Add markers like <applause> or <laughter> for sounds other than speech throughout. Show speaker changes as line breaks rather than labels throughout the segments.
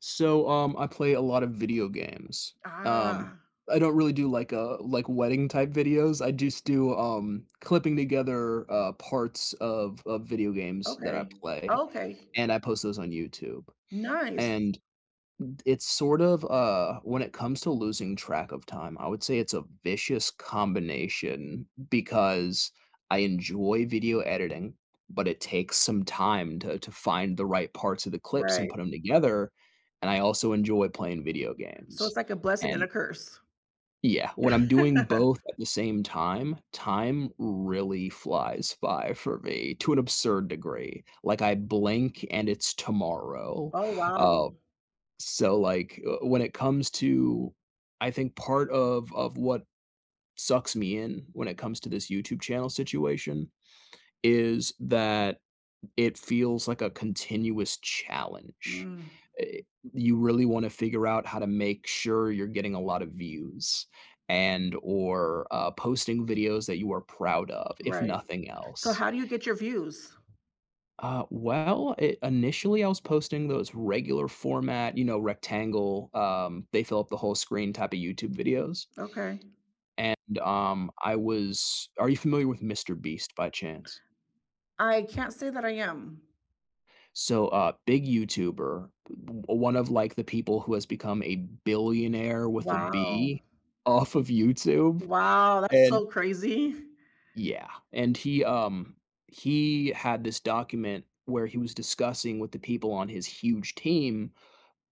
So, um, I play a lot of video games, um,
Ah.
I don't really do, like a like, wedding type videos, I just do, um, clipping together, uh, parts of of video games that I
Okay,
play,
okay.
and I post those on YouTube,
Nice.
and, d it's sort of, uh when it comes to losing track of time, I would say it's a vicious combination, because I enjoy video editing, but it takes some time to to find the right parts of the clips, and put
Right.
'em together, and I also enjoy playing video
So,
games,
it's like a blessing and
and
a curse.
Yeah, when I'm doing both
<chuckles>
at the same time, time really flies by for me to an absurd degree, like, I blink and it's tomorrow,
Oh,
uh,
wow.
so, like, uh, when it comes to I think part of of what sucks me in when it comes to this YouTube channel situation, is that it feels like a continuous challenge.
Mm.
Eh you really wanna figure out how to make sure you're getting a lot of views, and, or, uh, posting videos that you are proud of, if
Right.
nothing
So
else.
how do you get your views?
Uh, well, i initially I was posting those regular format, you know, rectangle, um, they fill up the whole screen type of YouTube videos.
Okay.
And, um, I was are you familiar with MrBeast by chance?
I can't say that I am.
So, a big YouTuber, b b one of, like, the people who has become a billionaire with a
Wow.
B, off of YouTube,
Wow, that's
and
so crazy.
Yeah, and he um, he had this document where he was discussing with the people on his huge team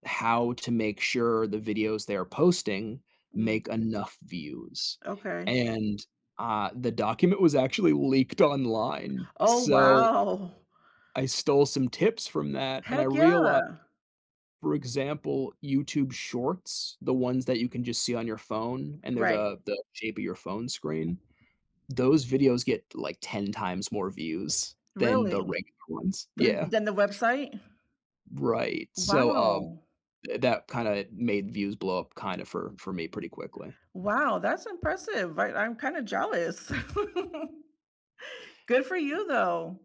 how to make sure the videos they're posting make
Mm.
enough views,
Okay.
and, uh, the document was actually leaked online,
Oh,
so
wow.
I stole some tips from that, and I
Heck
reali
yeah.
for example, YouTube Shorts, the ones that you can just see on your phone, and they're
Right.
the the shape of your phone screen. Those videos get, like, 10 times more views than the regular
Really,
ones,
then
yeah.
then the website.
Right, so, um,
Wow.
tha that, kinda, made views blow up, kinda, for for me pretty quickly.
Wow, that's impressive, I I'm kind of jealous, <chuckles> good for you, though.